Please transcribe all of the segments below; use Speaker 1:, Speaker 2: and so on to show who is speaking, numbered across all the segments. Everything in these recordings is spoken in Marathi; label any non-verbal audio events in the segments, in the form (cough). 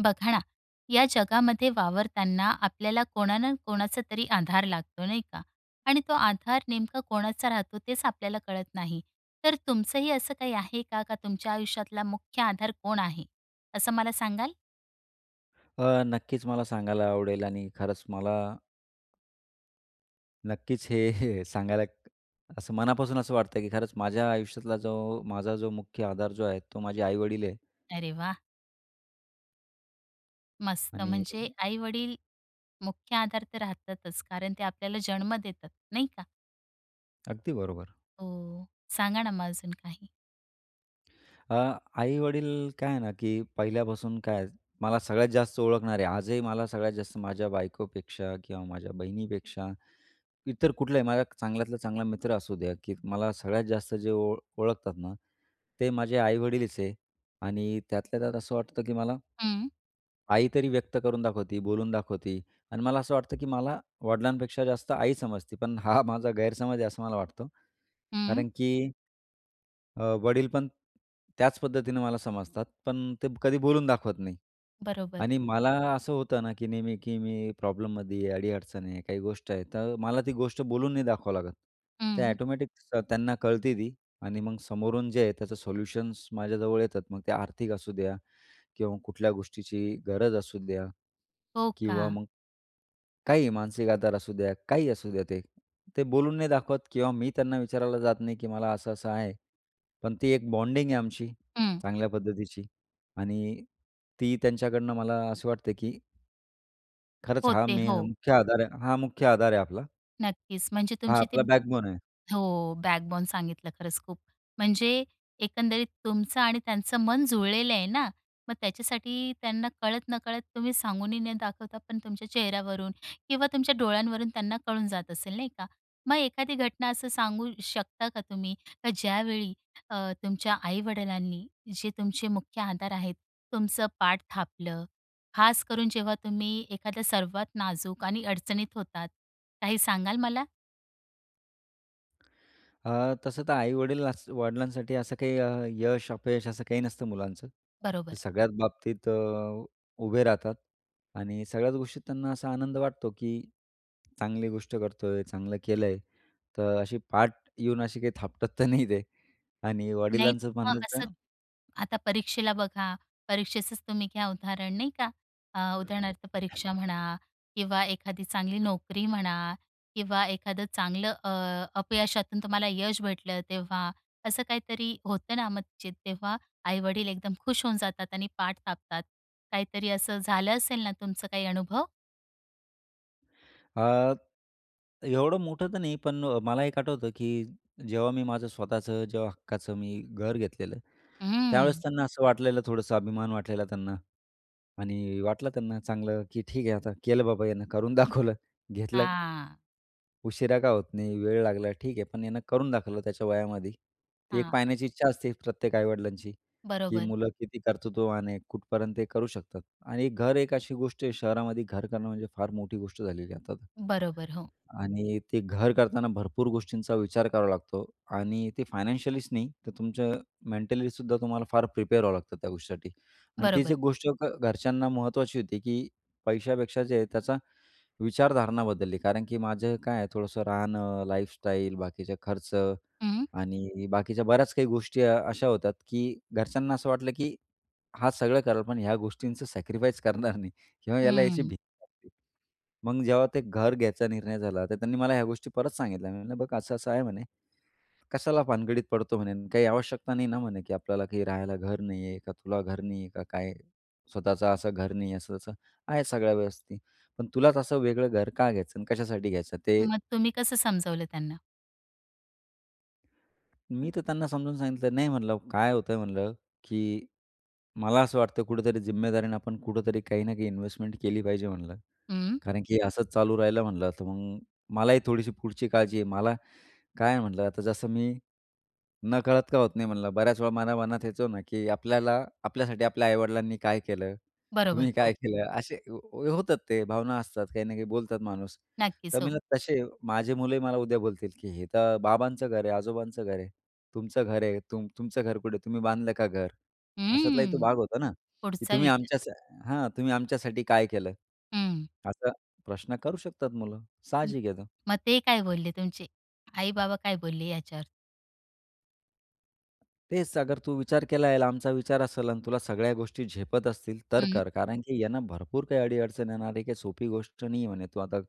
Speaker 1: बघा ना. या जगामध्ये वावरताना आपल्याला कोणाना-कोणाचा तरी आधार लागतो, नाही का? आणि तो आधार नेमका कोणाचा राहतो तेच आपल्याला कळत नाही. तर तुमचंही असं काही आहे का? का तुमच्या आयुष्यातला मुख्य आधार कोण आहे? असं मला सांगाल?
Speaker 2: अ, नक्कीच मला सांगायला आवडेल आणि खरंच मला नक्कीच, हे (chuckles) सांगायला, असं मनापासून असं वाटतंय की खरंच माझ्या आयुष्यातला जो माझा जो मुख्य आधार जो आहे, तो माझे आई-वडील आहे.
Speaker 1: अरे वाह! मस्त!
Speaker 2: आणि
Speaker 1: म्हणजे, आई-वडील मुख्य आधार तर राहतातच, कारण ते आपल्याला जन्म देतात, नाही का?
Speaker 2: अगदी बरोबर.
Speaker 1: हो, सांगा ना मग अजून काही?
Speaker 2: अ, आई-वडील, काय आहे ना की पहिल्यापासून काय, मला सगळ्यात जास्त ओळखणारे आजही मला सगळ्यात जास्त माझ्या बायकोपेक्षा किंवा माझ्या बहिणीपेक्षा, इतर कुठलाही माझा चांगल्यातला चांगला मित्र असू द्या, की मला सगळ्यात जास्त जे ओ ओळखतात ना, ते माझे आई-वडीलच आहे. आणि त्यातल्या त्यात असं वाटतं की मला
Speaker 1: हं.
Speaker 2: आई तरी व्यक्त करून दाखवती, बोलून दाखवती आणि मला असं वाटतं, की मला वडिलांपेक्षा जास्त आई समजती, पण हां माझा गैरसमज आहे, असं मला वाटतं.
Speaker 1: हं.
Speaker 2: कारण की, अ, वडीलपण त्याच पद्धतीने मला समजतात, पण ते कधी बोलून दाखवत नाही.
Speaker 1: बरोबर.
Speaker 2: आणि मला असं होतं ना, की नेहमी की मी प्रॉब्लममध्ये आहे. अडी-अडचण आहे काही गोष्ट आहे. तर मला ती गोष्ट बोलून नाही दाखवावं लागत. ते
Speaker 1: हं.
Speaker 2: ऑटोमॅटिक त्यांना कळते ती. आणि मग समोरून जे आहे, त्याचं सोल्युशन्स माझ्याजवळ येतात. मग ते आर्थिक असुद्या किंवा कुठल्या गोष्टीची गरज असुद्या.
Speaker 1: हो
Speaker 2: किंवा
Speaker 1: का.
Speaker 2: मग काहीही मानसिक आधार असुद्या, काहीही असुद्या ते. ते बोलून नाही दाखवत किंवा मी त्यांना विचारायला जात नाही की मला असं-असं आहे. पण ती 1 बॉन्डिंग आहे आमची,
Speaker 1: हं.
Speaker 2: चांगल्या पद्धतीची. आणि ती त्यांच्याकडून मला असं वाटते की खरंच, हां
Speaker 1: होते,
Speaker 2: मे
Speaker 1: हो.
Speaker 2: मुख्य आधार आहे हा मुख्य आधार आहे आपला.
Speaker 1: नक्कीच, म्हणजे
Speaker 2: हा
Speaker 1: तुमची ती
Speaker 2: आपला बॅकबोन आहे.
Speaker 1: हो. बॅकबोन सांगितलं. खरंच खूप म्हणजे एकंदरीत तुमचं आणि त्यांचं मन जुळलेलं आहे ना. मग त्याच्यासाठी त्यांना कळत-नकळत, तुम्ही सांगूनही न दाखवता, पण तुमच्या चेहऱ्यावरून किंवा तुमच्या डोळ्यांवरून त्यांना कळून जात असेल, नाही का. मग एखादी घटना असं सांगू शकता का तुम्ही? का ज्यावेळी अ, तुमच्या आई-वडिलांनी, जे तुमचे मुख्य आधार आहेत, तुमचं पाठ थापलं, खास करून जेव्हा तुम्ही एखाद्या सर्वात नाजूक आणि अडचणीत होतात, काही सांगाल मला?
Speaker 2: अ, तसं तर आई-वडील वडिलांसाठी असं काही यश-अपयश असं काही नसतं मुलांचं,
Speaker 1: बरोबर.
Speaker 2: सगळ्याच बाबतीत अ, उभे राहतात आणि सगळ्याच गोष्टीत त्यांना असा आनंद वाटतो की चांगली गोष्ट करतोय, चांगलं केलंय तर अशी पाठ येऊन अशी काही थापटत तर नाही ते आणि
Speaker 1: नाही
Speaker 2: वडिलांचं
Speaker 1: हां,
Speaker 2: म्हणलं
Speaker 1: असं
Speaker 2: तर
Speaker 1: आता परीक्षेला बघा, परीक्षेचंच तुम्ही घ्या उदाहरण नाही का, अ, उदाहरणार्थ परीक्षा म्हणा किंवा एखादी चांगली नोकरी म्हणा किंवा एखादं चांगलं अ, अपयशातून तुम्हाला यश भेटलं तेव्हा, असं काहीतरी होतं ना, म्हणजे तेव्हा आई-वडील एकदम खुश होऊन जातात आणि पाठ थापतात, काहीतरी असं झालं असेल ना तुमचं काही अनुभव?
Speaker 2: अ, एवढं मोठं तर नाही, पण मला एक आठवतं, की जेव्हा मी माझं स्वतःचं जेव्हा हक्काचं मी घर घेतलेलं, त्यावेळेस
Speaker 1: हम्म.
Speaker 2: त्यांना असं वाटलेलं, थोडंसं अभिमान वाटलेला त्यांना आणि वाटलं त्यांना चांगलं की ठीक आहे, आता केलं बाबा ह्यांना करून दाखवलं, घेतलं
Speaker 1: हां.
Speaker 2: उशिरा का होत नाही, वेळ लागला ठीक आहे, पण याने करून दाखवलं त्याच्या वयामध्ये. ती एक
Speaker 1: हां.
Speaker 2: पाहण्याची इच्छा असते प्रत्येक आई-वडिलांची, की
Speaker 1: बरोबर.
Speaker 2: मुलं किती कर्तृत्वाने कुठपर्यंत ते करू शकतात. आणि घर एक अशी गोष्ट आहे, शहरामध्ये घर करणं म्हणजे फार मोठी गोष्ट झालेली आहे आता,
Speaker 1: बरोबर, हो.
Speaker 2: आणि ते घर करताना भरपूर गोष्टींचा विचार करावा लागतो आणि ते फायनान्शियलीच नाही, तर तुमचं मेंटलीसुद्धा तुम्हाला फार प्रिपेअर व्हावं लागतं त्या गोष्टीसाठी आणि तीच
Speaker 1: बरोबर.
Speaker 2: 1 गोष्ट घ घरच्यांना महत्त्वाची होती, की पैशापेक्षा जे आहे त्याचा विचारधारणा बदलली, कारण की माझं काय आहे थोडंसं राहणं, लाईफस्टाईल, बाकीचे खर्च
Speaker 1: हं.
Speaker 2: आणि बाकीच्या बऱ्याच काही गोष्टी अ, अशा होतात की घरच्यांना असं वाटलं की हां, सगळं करेल, पण ह्या गोष्टींचं सॅक्रिफाईस करणार नाही किंवा याला याची
Speaker 1: हम्म.
Speaker 2: भीती मग जेव्हा ते घर घ्यायचा निर्णय झाला, तर त्यांनी मला ह्या गोष्टी परत सांगितल्या. "म म्हणलं, बघ असं असं आहे म्हणे, कशाला भानगडीत पडतो म्हणे? काही आवश्यकता नाही ना म्हणे की आपल्याला काही राहायला घर नाही आहे का, तुला घर नाही आहे का, काय स्वतःचं असं घर नाही आहे? असं असं आहे सगळ्या व्यवस्थित, ते पण तुलाच असं वेगळं घर का घ्यायचं आणि कशासाठी घ्यायचं? ते"
Speaker 1: मग तुम्ही कसं समजवलं त्यांना?
Speaker 2: मी तर त्यांना समजावून सांगितलं. नाही म्हणलं काय होतंय म्हणलं, की मला असं वाटतं कुठेतरी जिम्मेदारीनं आपण कुठेतरी काही ना काही इन्व्हेस्टमेंट केली पाहिजे म्हटलं,
Speaker 1: हं
Speaker 2: कारण की असंच चालू राहिलं म्हटलं तर मग मलाही थोडीशी पुढची काळजी आहे मला काय आहे म्हटलं आता जसं मी नकळत का होत नाही म्हणलं बऱ्याच वेळा मला मनात येतं ना की आपल्याला आपल्यासाठी आपल्या आई-वडिलांनी काय केलं?
Speaker 1: बरोबर,
Speaker 2: तुम्ही काय
Speaker 1: हो.
Speaker 2: केलं? असे होतात ते भावना असतात काही ना काही बोलतात माणूस. तर
Speaker 1: नक्कीच
Speaker 2: मी
Speaker 1: हो.
Speaker 2: म्हटलं तसे माझे मुलंही मला उद्या बोलतील, की हे तर बाबांचं घर आहे, आजोबांचं घर आहे. तुमचं घर आहे, तुम तुमचं घर कुठे आहे? तुम्ही बांधलं का घर? अशातलाही तो
Speaker 1: हम्म,
Speaker 2: भाग होता ना. की
Speaker 1: पुढचा
Speaker 2: तुम्ही
Speaker 1: विचार.
Speaker 2: आमच्यासा हां, तुम्ही आमच्यासाठी काय केलं?
Speaker 1: हं.
Speaker 2: असा प्रश्न करू शकतात मुलं.
Speaker 1: हं,
Speaker 2: साहजिक येतं.
Speaker 1: मग ते काय बोलले? तुमचे आई-बाबा काय बोलले याच्यावर?
Speaker 2: तेच अगर तू विचार केला आहे, लांबचा विचार असेल आणि तुला सगळ्या गोष्टी झेपत असतील तर
Speaker 1: हं.
Speaker 2: कर, कारण की यांना भरपूर काही अडी-अडचण येणार आहे काही सोपी गोष्ट नाही म्हणे. तू आता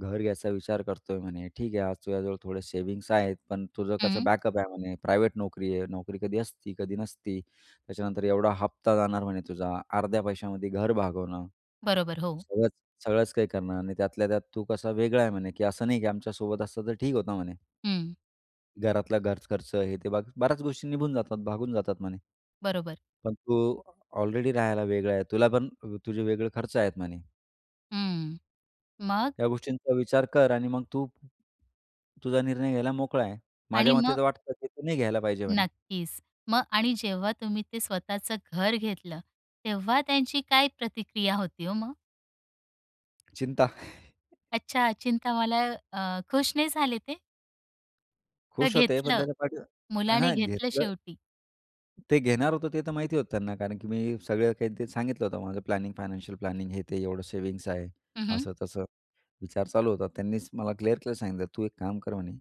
Speaker 2: घर घ्यायचा विचार करतोय म्हणे, ठीक आहे. आज तुझ्याजवळ थोडे सेविंग्स आहेत, पण तुझं कसं
Speaker 1: हं.
Speaker 2: बॅकअप आहे म्हणे, प्रायव्हेट नोकरी आहे. नोकरी कधी असती, कधी नसती. त्याच्यानंतर एवढा हप्ता जाणार म्हणे तुझा. अर्ध्या पैशामध्ये घर भागवणं
Speaker 1: बरोबर हो.
Speaker 2: सगळचं, सगळंच काही करणार नाही त्यातल्या त्यात तू कसा वेगळा आहे म्हणे, की असं नाही की आमच्या सोबत असतं तर ठीक होतं म्हणे.
Speaker 1: हं.
Speaker 2: घरातला घर खर्च आहे. ते ब बऱ्याच गोष्टी निघून जातात, भागून जातात म्हणे.
Speaker 1: बरोबर.
Speaker 2: पण तू ऑलरेडी राहायला वेगळा आहे. तुला पण तुझे वेगळे खर्च आहेत म्हणे.
Speaker 1: हं. मग?
Speaker 2: या गोष्टींचा विचार कर आणि मग तू तुझा निर्णय घ्यायला मोकळा आहे. माझ्या
Speaker 1: आणि मग?
Speaker 2: मते तर वाटतं की तू नाही घ्यायला पाहिजे म्हणे.
Speaker 1: नक्कीच. मग आणि जेव्हा तुम्ही ते स्वतःचं घर घेतलं, तेव्हा त्यांची काय प्रतिक्रिया होती हो मग?
Speaker 2: चिंता. (laughs)
Speaker 1: अच्छा. चिंता मला अ, खुश नाही झाले ते? तर
Speaker 2: खुश होते. पण
Speaker 1: घेतलं,
Speaker 2: त्याच्या पाठीवर
Speaker 1: मुलाने
Speaker 2: हां
Speaker 1: घेतलं
Speaker 2: घेतलं.
Speaker 1: शेवटी.
Speaker 2: ते घेणार होतो, ते तर माहिती होतं त्यांना. कारण की मी सगळं काही ते सांगितलं होतं, माझं प्लॅनिंग, फायनान्शियल प्लॅनिंग हे ते एवढं सेव्हिंग्स आहे.
Speaker 1: हं. हं.
Speaker 2: असं-तसं, विचार चालू होता. त्यांनीच मला क्लिअर केलं सांगितलं, "तू एक काम कर म्हणे,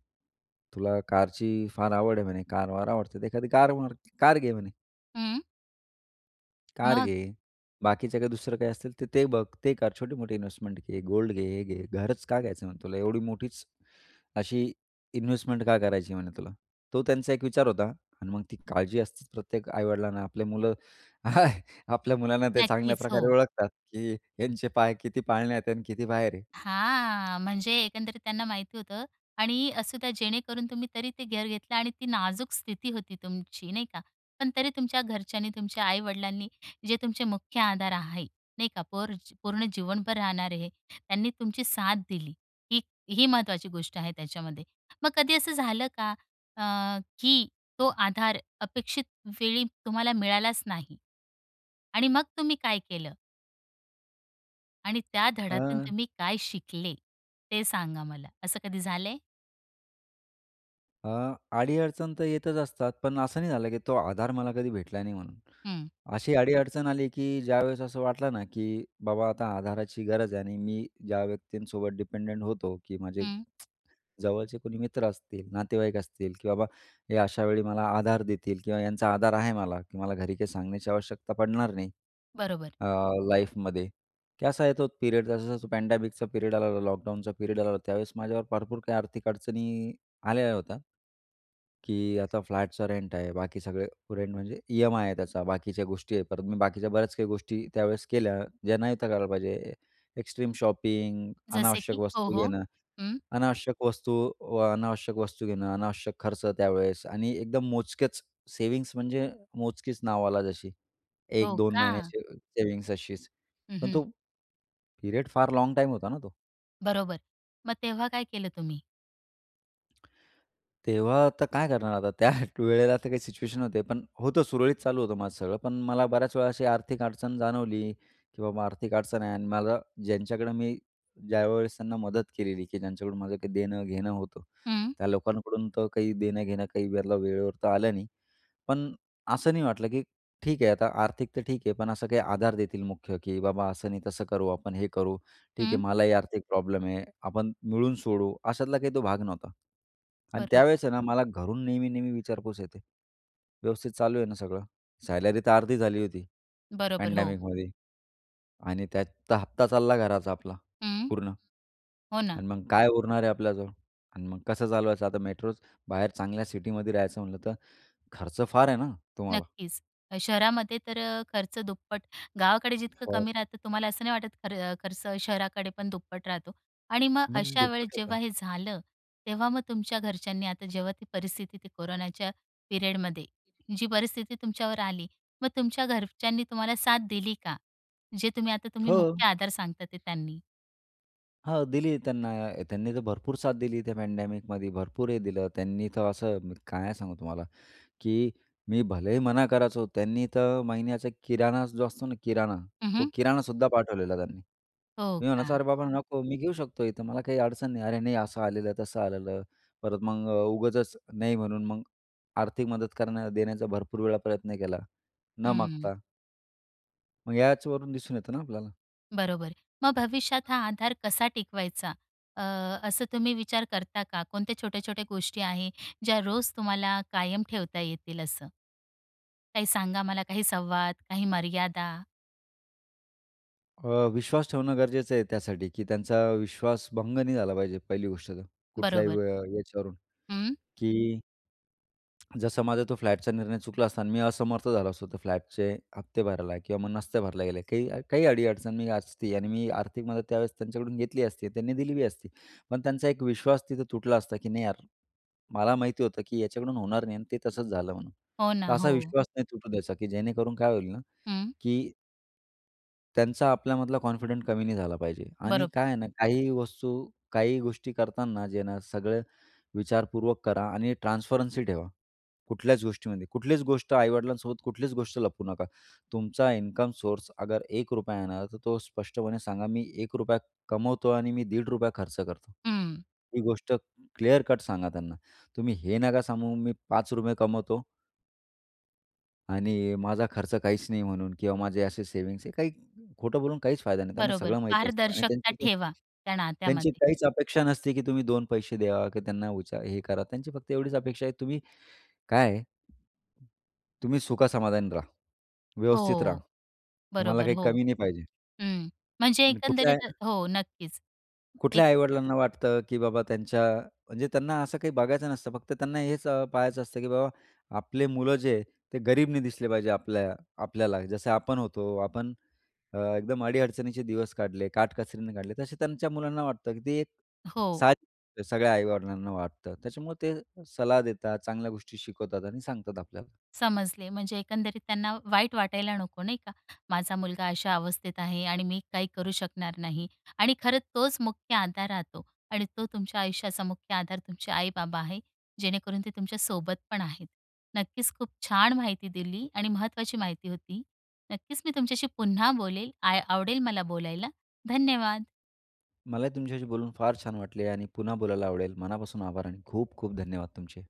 Speaker 2: तुला कारची फार आवड आहे म्हणे, कार-वार आवडते, तर एखादी कार मार कार घे म्हणे."
Speaker 1: हं.
Speaker 2: "कार
Speaker 1: मग?
Speaker 2: घे. बाकीचे काही दुसरं काही असतील तर ते बघ, ते कर. छोटी-मोठी इन्व्हेस्टमेंट घे, गोल्ड घे, हे घे. घरच का घ्यायचं आहे? म्हणे तुला एवढी मोठीच ,अशी इन्व्हेस्टमेंट का करायची म्हणे तुला?" तो त्यांचा एक विचार होता. आणि मग ती काळजी असतेच प्रत्येक आई-वडिलांना.आपले मुलं (laughs) आपल्या मुलांना ते चांगल्या
Speaker 1: नक्कीच
Speaker 2: प्रकारे
Speaker 1: हो.
Speaker 2: ओळखतात की ह्यांचे पाय किती पाळण्यात आहेत, आणि किती बाहेर आहेत?
Speaker 1: हां. म्हणजे एकंदरीत त्यांना माहिती होतं. आणि असं का जेणेकरून तुम्ही तरी ते घर घेतलं आणि ती नाजूक स्थिती होती तुमची, नाही का. पण तरी तुमच्या घरच्यांनी, तुमच्या आई-वडिलांनी जे तुमचे मुख्य आधार आहे, नाही का. पोर पूर्ण जीवनभर राहणारे, त्यांनी तुमची साथ दिली. ही ही महत्त्वाची गोष्ट आहे त्याच्यामध्ये. मग कधी असं झालं का अ, की तो आधार अपेक्षित वेळी तुम्हाला मिळालाच नाही, आणि मग तुम्ही काय केलं? आणि त्या धड्यातून
Speaker 2: अ
Speaker 1: तुम्ही काय शिकले? ते सांगा मला. असं कधी झालंय?
Speaker 2: अ, अडी-अडचण तर येतच असतात. पण असं नाही झालं की तो आधार मला कधी भेटला नाही म्हणून.
Speaker 1: हं.
Speaker 2: अशी अडी-अडचण आली की ज्यावेळेस असं वाटलं ना की बाबा आता आधाराची गरज आहे आणि मी ज्या व्यक्तींसोबत डिपेंडेंट होतो की माझे
Speaker 1: हं.
Speaker 2: (smacks lips) जवळचे कोणी मित्र असतील, नातेवाईक असतील की बाबा हे अशावेळी मला आधार देतील किंवा यांचा आधार आहे मला की मला घरी काही सांगण्याची आवश्यकता पडणार नाही.
Speaker 1: बरोबर.
Speaker 2: अ, लाईफमध्ये. की असा आहे तो पिरेड जसा-जसा पॅडॅमिकचा पिरेड आलेला, लॉकडाऊनचा पिरेड आलेला, त्यावेळेस माझ्यावर भरपूर काही आर्थिक अडचणी आलेल्या होत्या. की आता फ्लॅटचा रेंट आहे. बाकी सगळे, रेंट म्हणजे ई-एम-आय आहे त्याचा. बाकीच्या गोष्टी आहेत परत. मी बाकीच्या बऱ्याच काही गोष्टी त्यावेळेस केल्या, ज्यां नव्हत्या करायला पाहिजे. एक्स्ट्रीम शॉपिंग,
Speaker 1: जसे
Speaker 2: अनावश्यक
Speaker 1: की? हो,
Speaker 2: वस्तू
Speaker 1: हो.
Speaker 2: घेणं.
Speaker 1: हं.
Speaker 2: अनावश्यक वस्तू व अनावश्यक वस्तू घेणं, अनावश्यक खर्च त्यावेळेस आणि एकदम मोजकेच, सेव्हिंग्स म्हणजे मोजकीच नावाला जशी. एक
Speaker 1: हो
Speaker 2: दोन
Speaker 1: का?
Speaker 2: महिन्याची सेविंग्स अशीच.
Speaker 1: हं,
Speaker 2: पण
Speaker 1: हं.
Speaker 2: तो पिरेड फार लाँग टाइम होता ना तो.
Speaker 1: बरोबर. मग तेव्हा काय केलं तुम्ही?
Speaker 2: (smacks lips) तेव्हा तर काय करणार आता? (chuckles) त्या वेळेला तर काही सिच्युएशन होते, पण होतं सुरळीत चालू होतं माझं सगळं. पण मला बऱ्याच वेळा अशी आर्थिक अडचण जाणवली, की बाबा आर्थिक अडचण आहे. आणि मला ज्यांच्याकडं मी ज्यावेळेस त्यांना मदत केलेली की ज्यांच्याकडून माझं काही देणं-घेणं होतं,
Speaker 1: हं.
Speaker 2: त्या लोकांकडून तर काही देणं-घेणं काही वेळला वेळेवर तर आलं नाही. पण असं नाही वाटलं की ठीक आहे, आता आर्थिक तर ठीक आहे, पण असं काही आधार देतील मुख्य की "बाबा असं नाही तसं करू, आपण हे करू. ठीक आहे,
Speaker 1: हं.
Speaker 2: मलाही आर्थिक प्रॉब्लेम आहे. आपण मिळून सोडवूं," अशातला काही तो भाग नव्हता. आणि
Speaker 1: बरोबर.
Speaker 2: त्यावेळेस आहे ना, मला घरून नेहमी नेहमी विचारपूस येते, “व्यवस्थित चालू आहे ना सगळं?” सॅलरीतर अर्धी झाली होती
Speaker 1: बरोबर. हो.
Speaker 2: पँडेमिकमध्ये. आणि त्याचा हप्ता चालला घराचा आपला
Speaker 1: हं.
Speaker 2: पूर्ण.
Speaker 1: हो ना.
Speaker 2: आणि मग काय उरणार आहे आपल्याजवळ? आणि मग कसं चालवायचं आता? मेट्रोत बाहेर, चांगल्या सिटीमध्ये राहायचं म्हटलं तर खर्च फार आहे ना तुम्हाला.
Speaker 1: नक्कीच. शहरामध्ये तर अ, खर्च दुप्पट, गावाकडे जितकं
Speaker 2: फार
Speaker 1: कमी राहतं तुम्हाला असं नाही वाटत खर खर्च शहराकडे पण दुप्पट राहतो. आणि मग
Speaker 2: मग
Speaker 1: अशा वेळेस
Speaker 2: दुप्पट होतं.
Speaker 1: जेव्हा हे झालं, तेव्हा मग तुमच्या घरच्यांनी आता जेव्हा ती परिस्थिती ती कोरोनाच्या पिरियडमध्ये जी परिस्थिती तुमच्यावर आली, मग तुमच्या घरच्यांनी तुम्हाला साथ दिली का? जे तुम्ही आता तुम्ही
Speaker 2: हो.
Speaker 1: मुख्य आधार सांगता ते त्यांनी?
Speaker 2: हां, दिली त्यांना त्यांनी तर भरपूर साथ दिली त्या पँडॅमिकमध्ये, भरपूर हे दिलं त्यांनी, तर असं मी काय सांगू तुम्हाला, की मी भलेही मना करायचो, त्यांनी तर महिन्याचा किराणा जो असतो ना, किराणा
Speaker 1: हं,
Speaker 2: तो
Speaker 1: हं.
Speaker 2: किराणासुद्धा पाठवलेला त्यांनी.
Speaker 1: हो,
Speaker 2: मी म्हणायचो
Speaker 1: का.
Speaker 2: अरे बाबा नको मी घेऊ शकतो इथं, मला काही अडचण नाही. अरे नाही असं आलेलं आहे, तसं आलेलं, परत मग उगाचच नाही म्हणून मग आर्थिक मदत करणं देण्याचा भरपूर वेळा प्रयत्न केला, न
Speaker 1: हं.
Speaker 2: मागता. मग याच वरून दिसून येतं ना आपल्याला.
Speaker 1: बरोबर. मग भविष्यात हां आधार कसा टिकवायचा अ, असं तुम्ही विचार करता का? कोणत्या छोट्या-छोट्या गोष्टी आहे, ज्या रोज तुम्हाला कायम ठेवता येतील असं? काही सांगा मला, काही संवाद, काही मर्यादा?
Speaker 2: अ, विश्वास ठेवणं गरजेचं आहे त्यासाठी, की त्यांचा विश्वास भंग नाही झाला पाहिजे पहिली गोष्ट तर, कुठल्याही
Speaker 1: बरोबर.
Speaker 2: य याच्यावरून
Speaker 1: हं.
Speaker 2: की जसं माझा तो फ्लॅटचा निर्णय चुकला असता आणि मी असमर्थ झालो असतो, तर फ्लॅटचे हफ्ते भरायला किंवा मग नसते भरला गेले, काही काही अडी-अडचण मी असती आणि मी आर्थिक मदत त्यावेळेस त्यांच्याकडून घेतली असती, त्यांनी दिली बी असती पण त्यांचा एक विश्वास तिथं तुटला असता, की नाही यार, मला माहिती होतं की याच्याकडून होणार नाही आणि ते तसंच झालं म्हणून,
Speaker 1: हो
Speaker 2: तर
Speaker 1: ना,
Speaker 2: असा
Speaker 1: हो.
Speaker 2: विश्वास नाही तुटू द्यायचा की जेणेकरून काय होईल ना
Speaker 1: हं.
Speaker 2: की त्यांचा आपल्यामधला कॉन्फिडंट कमी नाही झाला पाहिजे आणि
Speaker 1: बरोबर.
Speaker 2: काय आहे ना, काही वस्तू, काही गोष्टी करताना, जे ना, सगळं विचारपूर्वक करा आणि ट्रान्स्परन्सी ठेवा. कुठल्याच गोष्टीमध्ये कुठलीच गोष्ट आई-वडिलांसोबत कुठलीच गोष्ट लपवू नका. तुमचा इन्कम सोर्स, अगर 1 रुपया येणार, तर तो स्पष्टपणे सांगा, मी 1 रुपया कमवतो आणि मी दीड रुपया खर्च करतो.
Speaker 1: हं.
Speaker 2: ही गोष्ट क्लियर कट सांगा त्यांना. तुम्ही हे नका सांगू, मी 5 रुपये कमावतो आणि माझा खर्च काहीच नाही म्हणून किंवा माझे असे सेव्हिंग्स आहे. काही खोटं बोलून काहीच फायदा नाही, त्यांना
Speaker 1: बरोबर.
Speaker 2: सगळं माहिती असतं. आणि
Speaker 1: पारदर्शकता
Speaker 2: त्यांची काही
Speaker 1: ठेवा, त्या
Speaker 2: त्यांची
Speaker 1: नात्यामध्ये.
Speaker 2: काहीच अपेक्षा नसते की तुम्ही 2 पैसे द्यावा किंवा त्यांना हे करा. त्यांची फक्त एवढीच अपेक्षा आहे, तुम्ही काय आहे तुम्ही सुख समाधानी राहा. व्यवस्थित राहा.
Speaker 1: हो.
Speaker 2: तुम्हाला
Speaker 1: बरोबर,
Speaker 2: काही
Speaker 1: हो.
Speaker 2: कमी नाही पाहिजे.
Speaker 1: हं. म्हणजे
Speaker 2: आणि कुठल्या
Speaker 1: एकंदरीत
Speaker 2: या
Speaker 1: हो, नक्कीच.
Speaker 2: कुठल्या
Speaker 1: एक
Speaker 2: आई-वडिलांना वाटतं की बाबा, त्यांच्या म्हणजे त्यांना असं काही बघायचं नसतं, फक्त त्यांना हेच पहायचं असतं, की बाबा, आपले मुलं जे ते गरीब नाही दिसले पाहिजे आपल्या आपल्याला जसे आपण होतो, आपण अ, एकदम अडीअडचणीचे दिवस काढले, काटकसरीने काढले, तसे त्यांच्या मुलांना वाटतं, की ते एक
Speaker 1: हो.
Speaker 2: साज सगळ्या आई-वडिलांना वाटतं, त्याच्यामुळं ते صلاح देतात, चांगल्या गोष्टी शिकवतात आणि सांगतात आपल्याला.
Speaker 1: समजले, म्हणजे एकंदरीत त्यांना वाईट वाटायला नको, नाही का. माझा मुलगा अशा अवस्थेत आहे आणि मी काही करू शकणार नाही. आणि खरंच तोच मुख्य आधार राहतो आणि तो तुमच्या आयुष्याचा मुख्य आधार तुमचे आई-बाबा आहे, जेणेकरून ते तुमच्यासोबत पण आहेत. नक्कीच, खूप छान माहिती दिली आणि महत्त्वाची माहिती होती. नक्कीच, मी तुमच्याशी पुन्हा बोलेल. आ आवडेल मला बोलायला. धन्यवाद!
Speaker 2: मला तुमच्याशी बोलून फार छान वाटले आणि पुन्हा बोलायला आवडेल, मनापासून आभार आणि खूप खूप धन्यवाद तुमचे.